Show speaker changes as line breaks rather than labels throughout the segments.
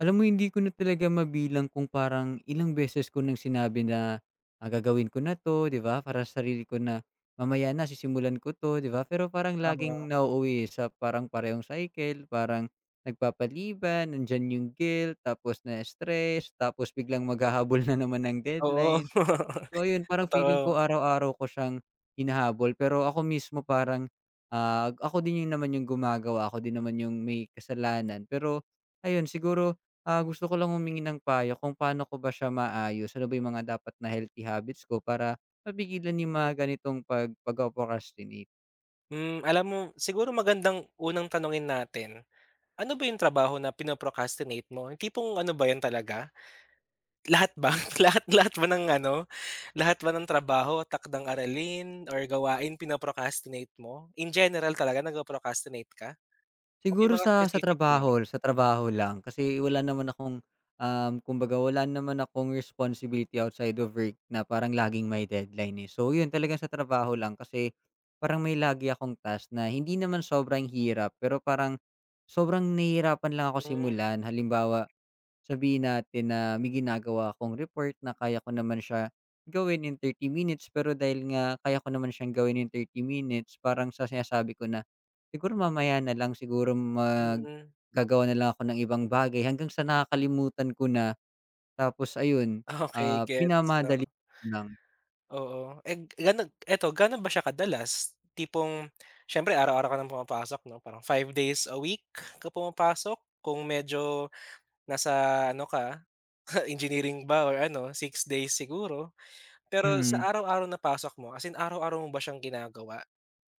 Alam mo hindi ko na talaga mabilang kung parang ilang beses ko ng sinabi na, ah, gagawin ko na 'to 'di ba, para sa sarili ko na mamaya na sisimulan ko to 'di ba? Pero parang laging
Oo.
nauuwi sa parang parehong cycle parang nagpapaliban, nandiyan yung guilt tapos nai-stress tapos biglang maghahabol na naman ng
Oo.
deadline. So ayun, parang feeling
Totoo.
ko araw-araw ko siyang hinahabol pero ako mismo parang, ah, ako din 'yon naman yung gumagawa, ako din naman yung may kasalanan. Pero ayun siguro, ah, gusto ko lang humingi ng payo kung pa'no ko ba siya maaayos, ano ba yung mga dapat na healthy habits ko para mapigilan yung mga ganitong pag pagpo-procrastinate?
Hmm, alam mo siguro magandang unang tanungin natin, ano ba yung trabaho na pino-procrastinate mo? Yung tipong ano ba 'yon talaga? Lahat ba, lahat lahat ba ng ano lahat ba ng trabaho, takdang-aralin or gawain pino-procrastinate mo? In general talaga nagpo-procrastinate ka? O may
Siguro
mga
sa sa
specific lang?
trabaho, sa trabaho lang kasi wala naman akong, um, kumbaga wala naman akong responsibility outside of work na parang laging may deadline, eh. So 'yon talagang sa trabaho lang kasi parang may lagi akong task na hindi naman sobrang hirap pero parang sobrang nahihirapan lang ako
Hmm.
simulan. Halimbawa, sabihin natin na may ginagawa akong report na kaya ko naman siya gawin in 30 minutes pero dahil nga kaya ko naman siyang gawin in 30 minutes parang sa sinasabi ko na, "Siguro mamaya na lang siguro mag
Mm.
gagawa na lang ako ng ibang bagay," hanggang sa nakakalimutan ko na. Tapos ayun,
Okey,
ah,
gets 'no.
minamadali ko na lang.
Oo, and ganog eto ga'no ba siya kadalas? Tipong siyempre araw-araw ka ng pumapasok 'no parang 5 days a week ka pumapasok, kung medyo nasa ano ka engineering ba or ano 6 days siguro. Pero sa
Mm.
araw-araw na pasok mo, as in araw-araw mo ba siyang ginagawa?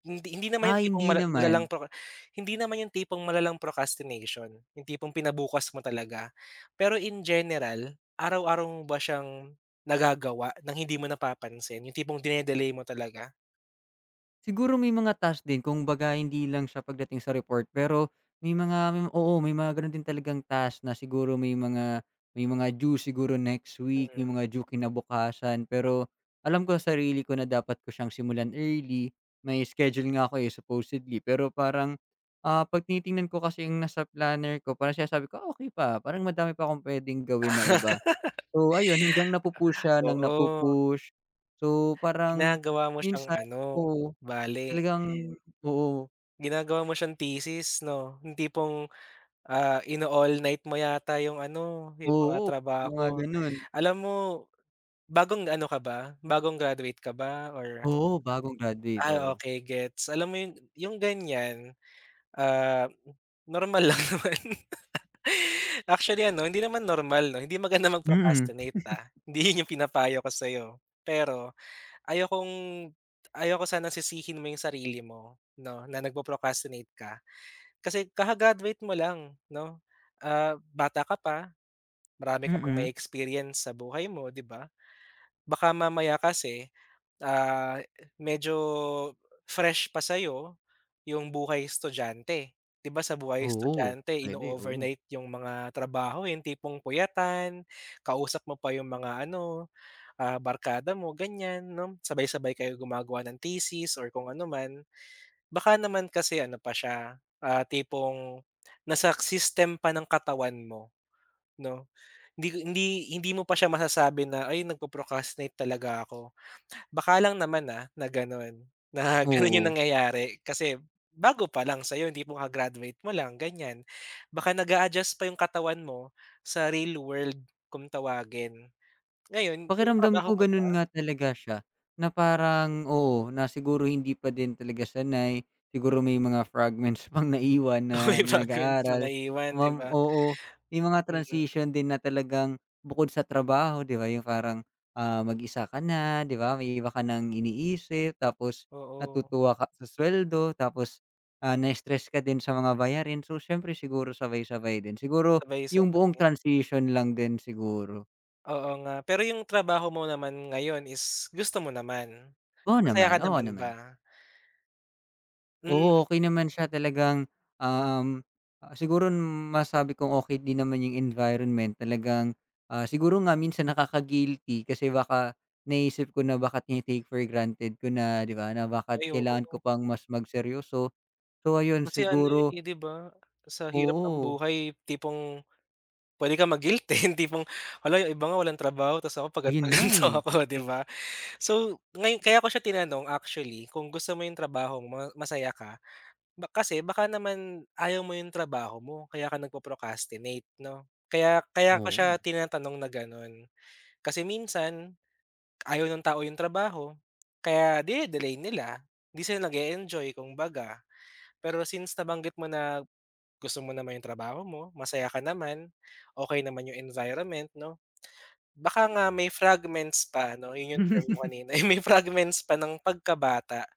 Hindi hindi naman
Ah,
yung tipong
hindi
mala malalang
naman.
proc hindi naman yung tipong malalang procrastination, yung tipong pina bukas mo talaga. Pero in general araw-araw mo ba siyang nagagawa ng hindi mo napapansin yung tipong dine-delay mo talaga?
Siguro, may mga task din. Kumbaga, hindi lang siya, pagdating sa report, pero may mga, m oo, may mga gano'n din talagang task, na siguro, may mga, may mga due, siguro next week,
Mm.
yung mga due, kinabukasan, pero, alam ko sa sarili ko, na dapat ko siyang simulan early. May schedule nga ako, eh, supposedly, pero parang, ah, 'pag tinitingnan ko kasi yung nasa planner ko, parang sinasabi ko, "Ah, okey, pa, parang madami pa akong puwedeng gawin na iba". So, ayun, hanggang napu-push siya nang
Oo.
napu-push, so, parang
Ginagawa mo siyang
minsan
ano,
oo,
bale
talagang oo.
Ginagawa mo siyang thesis, 'no. Yung tipong, ah, ino-all night mo yata yung ano, yung mga
Oo. Yung mga
trabaho.
gano'n.
Alam mo, bagong ano ka ba, bagong graduate ka ba or
Oo, bagong graduate,
Ay,
oo.
okey gets. Alam mo 'yon, yung ganyan, ah, normal lang naman. Actually, ano, hindi naman normal, 'no, hindi maganda
Mm.
mag-procrastinate, ah. Hindi 'yon yung pinapayo ko sa'yo, pero, ayokong ayaw ko sanang sisihin mo yung sarili mo, 'no, na, nagpo-procrastinate ka. Kasi kaka-graduate mo lang, 'no, ah, bata ka pa, marami ka pang
Mm.
mae-experience sa buhay mo, 'di ba? Baka mamaya kasi, ah, e medyo fresh pa sa'yo, yung buhay-estudyante. 'Di ba, sa buhay
Oo.
estudyante,
Puwede, oo.
ino-overnight yung mga trabaho, eh, yung tipong puyatan, kausap mo pa yung mga ano, ah, barkada mo, ganyan, 'no? Sabay-sabay kayo gumagawa ng thesis or kung anuman, baka naman kasi ano pa siya, ah, tipong nasa system pa ng katawan mo, 'no? Hindi hindi hindi mo pa siya masasabi na, "Ay, nagpo-procrastinate talaga ako", baka lang naman, ah, na gano'n, na gano'n yung
Oo.
nangyayari, kasi, bago pa lang sa'yo, tipong kaka-graduate mo lang, ganyan. Baka nag-a-adjust pa yung katawan mo, sa real world, kung tawagin. Ngayon yung
Pakiramdam
trabaho
ko
mo
gano'n
ba
nga talaga siya, na parang, oo, na siguro, hindi pa din talaga sanay. Siguro, may mga fragments pang naiwan
Oo,
na,
yung
na,
fragments mo
nag-aaral.
naiwan, 'di
Kumam
ba?
oo, may mga
Mm.
transition din, na talagang bukod sa trabaho, 'di ba, yung parang, ah, mag-isa ka na, 'di ba, may iba ka nang iniisip, tapos
Oo.
natutuwa ka sa suweldo, tapos, ah, na-stress ka din sa mga bayarin. So, siyempre, siguro sabay-sabay din, siguro yung buong
Sabay-sabay.
transition lang din, siguro.
Oo nga, pero yung trabaho mo naman ngayon is gusto mo naman?
Oo
Masaya ka
naman. Oo
naman
naman.
ba? Hmm.
Oo, okey naman siya talagang, um, siguro masabi kong okey din naman yung environment talagang, ah, siguro nga minsan nakaka-guilty kasi baka naiisip ko na baka tini-take for granted ko na, di ba? Na bakit
Ay
kailangan
oo.
ko pang mas magseryoso. So, ayun
Kasi ano,
siguro
eh, di ba, sa hirap ng
Oo.
buhay tipong puwede kang ma-guilty, yung tipong hala, yung iba nga walang trabaho tas ako pa
Ayun nga,
gan'to-gan'to
eh.
ako, di ba? So, ngayon kaya ko siya tinanong actually kung gusto mo yung trabaho, masaya ka ba kasi baka naman ayaw mo yung trabaho mo kaya ka nagpo-procrastinate, 'no? Kaya kaya ko siya
Oo.
tinatanong na gano'n. Kasi minsan, ayaw ng tao yung trabaho kaya dine-delay nila. Hindi sila nag-e-enjoy, kumbaga. Pero since nabanggit mo na gusto mo naman yung trabaho mo, masaya ka naman, okey naman yung environment, 'no. Baka nga may fragments pa, 'no, yun yung term mo kanina, eh. May fragments pa nang pagka-bata.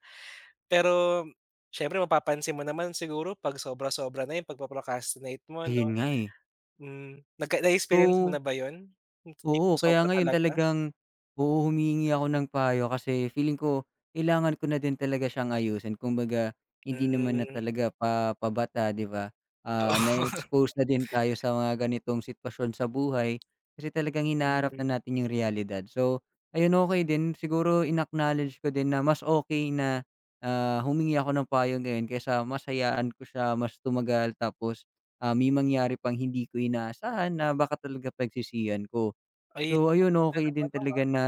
Pero siyempre, mapapansin mo naman siguro 'pag sobra-sobra na yung pagpo-procrastinate mo
Ayun
'no?
nga, eh.
Hmm. Nagka na-experience mo
So
na ba yun? Yung
Oo,
tipong sobra
kaya ngayon
talaga?
talagang oo, humihingi ako ng payo kasi feeling ko kailangan ko na din talaga siyang ayusin. Kumbaga, hindi naman na
Hmm.
talaga pa pabata, di ba? Ah,
Oo.
na-expose na din tayo sa mga ganitong sitwasyon sa buhay kasi talagang hinaharap
Hmm.
na natin yung realidad. So, ayun, okey din. Siguro in-acknowledge ko din na mas okey na, ah, humingi ako ng payo ngayon kaysa mas hayaan ko siya, mas tumagal tapos, ah, may mangyari pang hindi ko inaasahan na baka talaga pagsisihan ko.
Ayun,
So
ang
ayun,
ganda
okey
ng
din
ano, ah.
talaga na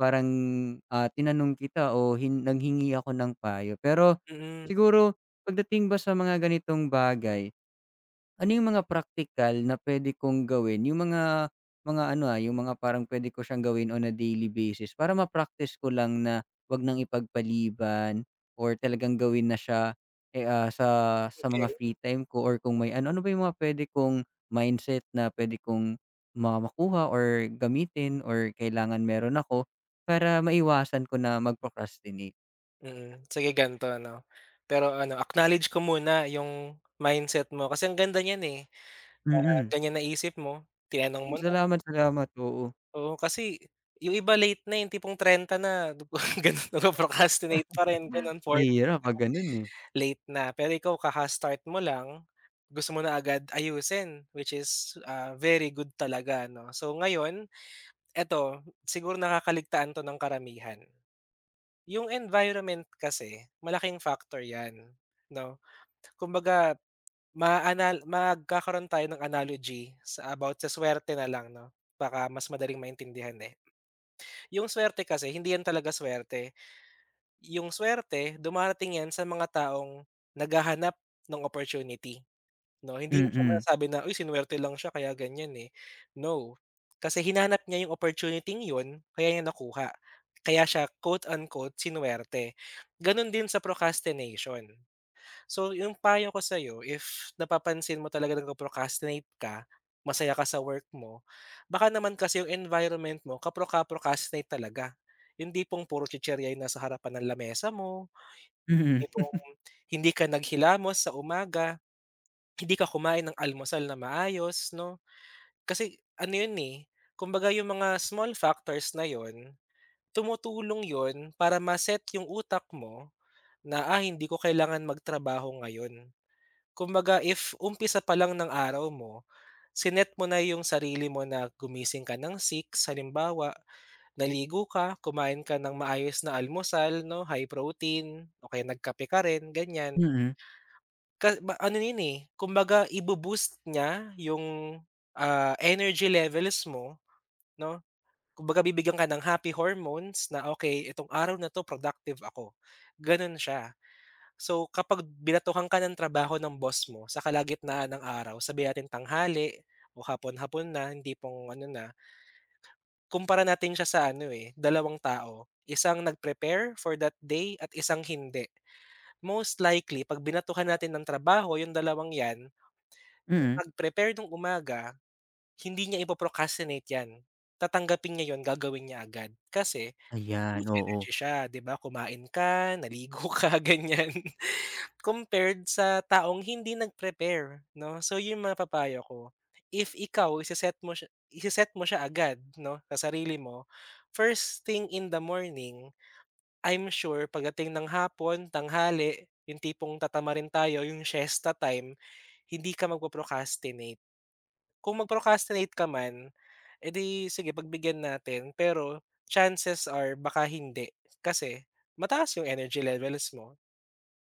parang, ah, tinanong kita o hin nanghingi ako ng payo. Pero
Mm.
siguro, pagdating ba sa mga ganitong bagay, ano yung mga praktikal na puwede kong gawin, yung mga mga ano, ah, yung mga parang puwede ko siyang gawin on a daily basis para ma-practice ko lang na wag nang ipagpaliban or talagang gawin na siya, eh, ah, sa sa mga
Okey.
free time ko or kung may ano Ano ba yung mga puwede kong mindset na puwede kong ma makuha or gamitin or kailangan meron ako para maiwasan ko na mag-procrastinate?
Mm, sige gan'to, 'no, pero ano, acknowledge ko muna yung mindset mo, kasi ang ganda niyan, eh, na
Mm.
ganyan naisip mo, tinanong mo na.
Salamat, salamat, oo.
Oo, kasi, yung iba, late na, yung tipong 30 dupa gano'n, nag-pro-procrastinate pa rin, gano'n, 40's
Mahirap 'pag gano'n, eh.
na, late na. Pero ikaw kaka-start mo lang, gusto mo na agad ayusin, which is, ah, very good talaga, no. So ngayon, eto, siguro nakakaligtaan 'to ng karamihan. Yung environment kasi malaking factor yan, 'no. Kumbaga, maa-anal magkakaroon tayo ng analogy, sa about, sa suwerte na lang, 'no, baka mas madaling maintindihan, eh. Yung suwerte kasi, hindi yan talaga suwerte, yung suwerte, dumarating yan sa mga taong naghahanap no'ng opportunity, 'no. Hindi mo siya
Mm.
masasabi na, "Uy, sinuwerte lang siya kaya ganiyan, eh". No, kasi hinanap niya yung opportuniting 'yon, kaya niya nakuha, kaya siya, quote, unquote sinuwerte. Gano'n din sa procrastination. So, yung payo ko sa'yo, if, napapansin mo talaga na, nag-pro-procrastinate ka, masaya ka sa work mo, baka naman kasi yung environment mo, ka-procra-procrastinate talaga. Yung tipong, puro chichirya yung nasa harapan ng lamesa mo,
Mm.
tipong, hindi ka naghilamos sa umaga, hindi ka kumain ng almusal na maayos, 'no? Kasi, ano 'yon, eh, kumbaga yung mga small factors na 'yon, tumutulong 'yon, para ma-set yung utak mo, na, "Ah, hindi ko kailangan magtrabaho ngayon". Kumbaga, if, umpisa pa lang ng araw mo, si-net mo na yung sarili mo na, gumising ka ng 6:00 halimbawa, naligo ka, kumain ka ng maayos na almusal, 'no, high protein, o kaya nagkape ka rin, ganiyan.
Mm.
Ka ba ano 'yon, eh, kumbaga ibo-boost niya yung, ah, energy levels mo, 'no, kumbaga bibigyan ka ng happy hormones na, "Okey, itong araw na 'to, productive ako", gano'n siya. So, kapag binatuhan ka ng trabaho ng boss mo, sa kalagitnaan ng araw, sabihin natin tanghali, o hapon-hapon na yung tipong ano na kumpara natin siya sa ano, eh, dalawang tao, isang nag-prepare, for that day, at isang hindi. Most likely, 'pag binatuhan natin ng trabaho, yung dalawang yan, yung
Mm.
nag-prepare no'ng umaga, hindi niya ipo-procrastinate yan, tatanggapin niya 'yon, gagawin niya agad. Kasi, full
Ayan,
of
oo.
energy siya, 'di ba, kumain ka, naligo ka, ganyan, compared sa taong hindi nag-prepare, 'no, so, 'yon mapapayo ko. If ikaw, ise-set mo siya i-se-set mo siya agad, 'no, sa sarili mo, first thing in the morning, I'm sure pagdating ng hapon, tanghali, yung tipong tatamarin tayo, yung siesta time, hindi ka magpo-procrastinate. Kung mag-procrastinate ka man, eh, 'di, sige pagbigyan natin. Pero, chances are, baka hindi, kasi mataas yung energy levels mo,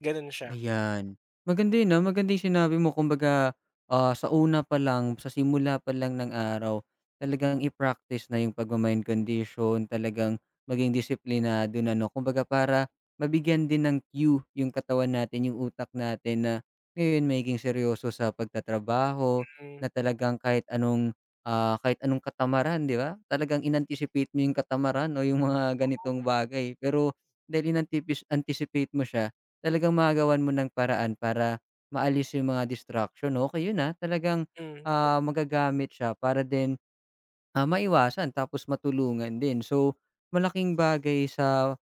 gano'n siya.
Ayan, maganda 'yon, ah, maganda yung sinabi mo, kumbaga, ah, sa una pa lang, sa simula pa lang ng araw, talagang i-practice na yung pagma-mind condition, talagang maging disiplinado na, 'no. Kumbaga para, mabigyan din ng cue yung katawan natin, yung utak natin, na, ngayon magiging seryoso sa pagtatrabaho,
Hmm.
na talagang kahit anong, ah, kahit anong katamaran, 'di ba? Talagang in-anticipate mo yung katamaran o yung mga
Oo.
ganitong bagay. Pero, dahil inantipis anticipate mo siya, talagang magagawan mo ng paraan para maalis yung mga distraction. Okey 'yon, ah, talagang,
Hmm. Eh
ah, magagamit siya para din, ah, maiwasan tapos matulungan din. So, malaking bagay sa,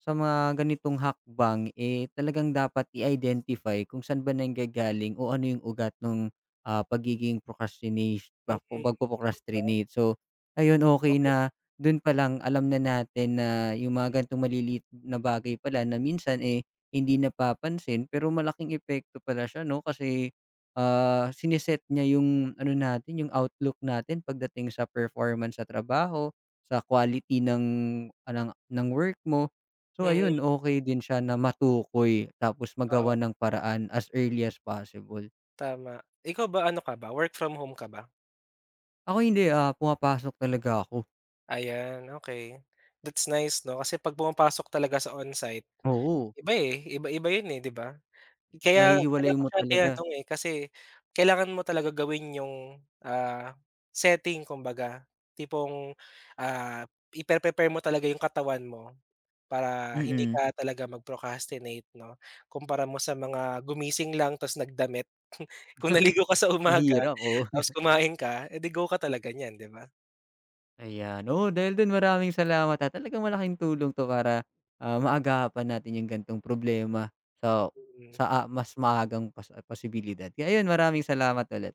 sa mga ganitong hakbang, eh, talagang dapat i-identify kung sa'n ba nanggagaling o ano yung ugat no'ng, ah, pagiging procrastinesh
Mm.
bak o
ikaw ba?
pagpo-procrastinate. So, ayun, okey
Okey.
na, do'n pa lang, alam na natin na, yung mga gano'ng maliliit na bagay pala, na minsan, eh, hindi napapansin, pero malaking epekto pala siya, 'no, kasi, ah, sini-set niya yung ano natin, yung outlook natin, pagdating sa performance sa trabaho, sa quality ng ng work mo. So,
Mm.
ayun, okey din siya na matukoy tapos
Oo.
magawan ng paraan, as early as possible.
Tama. Ikaw ba, ano ka ba, work from home ka ba?
Ako hindi, ah, pumapasok talaga ako.
Ayan, okey. That's nice, 'no, kasi 'pag pumapasok talaga sa onsite,
Oo.
iba, eh, iba-iba 'yon, eh, 'di ba? Kaya, kaya
Nahihiwalay
ko
mo
siya
talaga.
tinanong, eh, kasi, kailangan mo talaga gawin yung, ah, setting kumbaga. Tipong, ah, i-pre-prepare mo talaga yung katawan mo, para hindi
Mm.
ka talaga mag-procrastinate, 'no? Kumpara mo sa mga, gumising lang tas nagdamit. Kung naligo ka sa umaga,
Mahirap, oo.
tapos kumain ka, eh, 'di, go ka talaga niyan, 'di ba?
Ayan, oo, dahil do'n, maraming salamat at talagang malaking tulong 'to, para, ah, maagapan natin yung gan'tong problema sa
Mm.
sa, ah, mas maagang pas posibilidad. Kaya ayun, maraming salamat ulit.